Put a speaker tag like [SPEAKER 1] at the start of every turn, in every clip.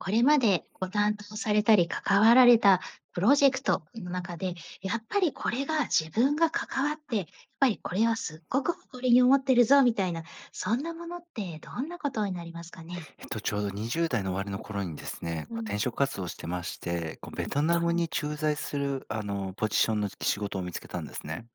[SPEAKER 1] これまでご担当されたり関わられたプロジェクトの中で、やっぱりこれが自分が関わって、やっぱりこれはすっごく誇りに思ってるぞみたいな、そんなものってどんなことになりますかね？
[SPEAKER 2] えっと、ちょうど20代の終わりの頃にですね、
[SPEAKER 1] う
[SPEAKER 2] こう
[SPEAKER 1] ん。
[SPEAKER 2] 転職活動をしてまして、こうベトナム
[SPEAKER 1] ふん。
[SPEAKER 2] に駐在するあの、ポジションの、き仕事を見つけたんですね。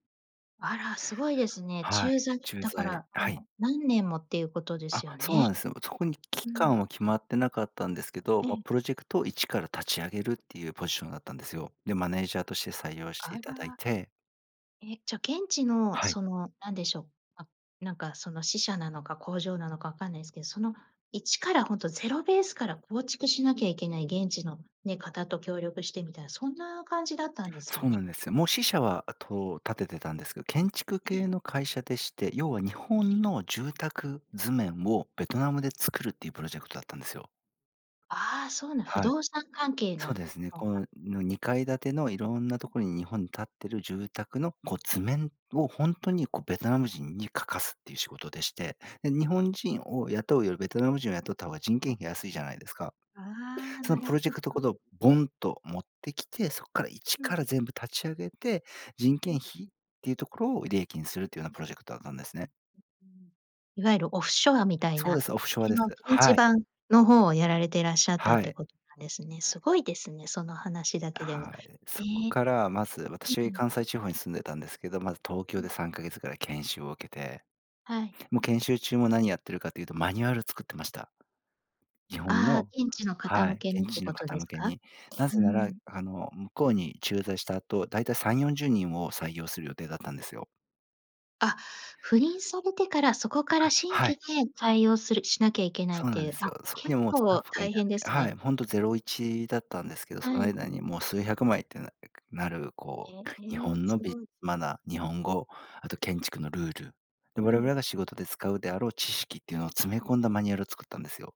[SPEAKER 1] あら、すごいですね。
[SPEAKER 2] はい、
[SPEAKER 1] 駐在
[SPEAKER 2] 駐
[SPEAKER 1] だか
[SPEAKER 2] 在
[SPEAKER 1] ら
[SPEAKER 2] はい。
[SPEAKER 1] もう何年もっていうことで
[SPEAKER 2] あ、
[SPEAKER 1] すよ
[SPEAKER 2] そう
[SPEAKER 1] ね。
[SPEAKER 2] なんですよ。特に期
[SPEAKER 1] うん。
[SPEAKER 2] 間は決まってなかったんですけど、
[SPEAKER 1] え
[SPEAKER 2] ま、
[SPEAKER 1] え。
[SPEAKER 2] プロジェクトを一から立ち上げるっていうポジションだったんですよ。で、マネージャーとして採用して
[SPEAKER 1] あ
[SPEAKER 2] いただい
[SPEAKER 1] ら。
[SPEAKER 2] て
[SPEAKER 1] え、じゃ、現地の
[SPEAKER 2] はい。
[SPEAKER 1] その、なんでしょ、あなんかその支社なのか工場なのかわかんないですけど、その一から、ほんとゼロベースから構築しなきゃいけない現地の、ね、方と協力してみたいな、そんな感じだったんですか
[SPEAKER 2] そうな
[SPEAKER 1] ね？
[SPEAKER 2] んですよ。もう支社は、とう立ててたんですけど、建築
[SPEAKER 1] ええ。
[SPEAKER 2] 系の会社でして、要は日
[SPEAKER 1] は
[SPEAKER 2] 本
[SPEAKER 1] い。
[SPEAKER 2] の住宅図面をベトナムで作るっていうプロジェクトだったんですよ。
[SPEAKER 1] ああ、そうな不
[SPEAKER 2] はい。
[SPEAKER 1] 動産関係
[SPEAKER 2] そう
[SPEAKER 1] な
[SPEAKER 2] ですね、
[SPEAKER 1] そう
[SPEAKER 2] この、
[SPEAKER 1] な。
[SPEAKER 2] んの2階建てのいろんな
[SPEAKER 1] う
[SPEAKER 2] と
[SPEAKER 1] ん。
[SPEAKER 2] ころに日本に立っている住宅のこう、図面をほんとにこう、ベトナム人に描かすっていう仕事でして、で、日本人を雇うよりベトナム人を雇った方が人件費が安いじゃないですか。
[SPEAKER 1] ああ、
[SPEAKER 2] そ
[SPEAKER 1] な
[SPEAKER 2] のプ
[SPEAKER 1] る
[SPEAKER 2] ロジ
[SPEAKER 1] ほ
[SPEAKER 2] ェク
[SPEAKER 1] ど。
[SPEAKER 2] トごとボンと持ってきて、そっから一
[SPEAKER 1] う
[SPEAKER 2] か
[SPEAKER 1] ん。
[SPEAKER 2] ら全部立ち上げて、人件
[SPEAKER 1] う
[SPEAKER 2] 費っていうところを利益にするってい
[SPEAKER 1] う
[SPEAKER 2] うような
[SPEAKER 1] う
[SPEAKER 2] プロジェクトだったんですね。
[SPEAKER 1] ううーん。いわゆるオフショアみたい
[SPEAKER 2] そうで
[SPEAKER 1] な。
[SPEAKER 2] す。オフショ
[SPEAKER 1] そ
[SPEAKER 2] ア
[SPEAKER 1] れ
[SPEAKER 2] です。
[SPEAKER 1] の現
[SPEAKER 2] は
[SPEAKER 1] 地
[SPEAKER 2] い。
[SPEAKER 1] 版の方をやられてらっしゃったっ
[SPEAKER 2] は
[SPEAKER 1] て
[SPEAKER 2] い。
[SPEAKER 1] ことなんですね。すごいですね、その話だ
[SPEAKER 2] あ、
[SPEAKER 1] けでも。
[SPEAKER 2] はい、
[SPEAKER 1] え
[SPEAKER 2] そこ
[SPEAKER 1] え。
[SPEAKER 2] からまず
[SPEAKER 1] うう
[SPEAKER 2] 私、
[SPEAKER 1] ん。
[SPEAKER 2] 関西地方に住んでたんですけど、まず東
[SPEAKER 1] う
[SPEAKER 2] 京で
[SPEAKER 1] ん
[SPEAKER 2] 3か月ぐらい研修を受けて、
[SPEAKER 1] はい。
[SPEAKER 2] もう研修中も何やってるかというとマニュアル作ってました。日本
[SPEAKER 1] ああ、
[SPEAKER 2] の
[SPEAKER 1] 現地の方
[SPEAKER 2] は
[SPEAKER 1] 向
[SPEAKER 2] い、
[SPEAKER 1] けにっ
[SPEAKER 2] 現
[SPEAKER 1] て
[SPEAKER 2] 地の
[SPEAKER 1] こと
[SPEAKER 2] 方
[SPEAKER 1] です
[SPEAKER 2] 向け
[SPEAKER 1] か？
[SPEAKER 2] に。な
[SPEAKER 1] う
[SPEAKER 2] ぜなら
[SPEAKER 1] ん。
[SPEAKER 2] あの、向こうに駐在した後だいたい3、40人を採用する予定だったんですよ。
[SPEAKER 1] あ、赴任されてから、そこから
[SPEAKER 2] あ、
[SPEAKER 1] 新
[SPEAKER 2] は
[SPEAKER 1] 規
[SPEAKER 2] い。
[SPEAKER 1] で対応するしなきゃいけない
[SPEAKER 2] そ
[SPEAKER 1] っ
[SPEAKER 2] うな
[SPEAKER 1] て
[SPEAKER 2] ん
[SPEAKER 1] い
[SPEAKER 2] で
[SPEAKER 1] う、
[SPEAKER 2] す
[SPEAKER 1] あ、
[SPEAKER 2] よ。そこに
[SPEAKER 1] 結
[SPEAKER 2] はもうスタッ
[SPEAKER 1] 構
[SPEAKER 2] フがい
[SPEAKER 1] 大
[SPEAKER 2] だ
[SPEAKER 1] 変です
[SPEAKER 2] はい、
[SPEAKER 1] ね。
[SPEAKER 2] ほんと
[SPEAKER 1] う
[SPEAKER 2] ゼ
[SPEAKER 1] ん。
[SPEAKER 2] ロイチだったんですけど、そ
[SPEAKER 1] は
[SPEAKER 2] の
[SPEAKER 1] い。
[SPEAKER 2] 間にもう数百枚って、なるくなる
[SPEAKER 1] え。
[SPEAKER 2] こう、日本の
[SPEAKER 1] す
[SPEAKER 2] ビ
[SPEAKER 1] ごい。
[SPEAKER 2] マナー、日本語、あと建築のルール、で
[SPEAKER 1] う
[SPEAKER 2] 我
[SPEAKER 1] ん。
[SPEAKER 2] 々が仕事で使うであろう知識っていうのを詰め込んだマニュアルを作ったんですよ。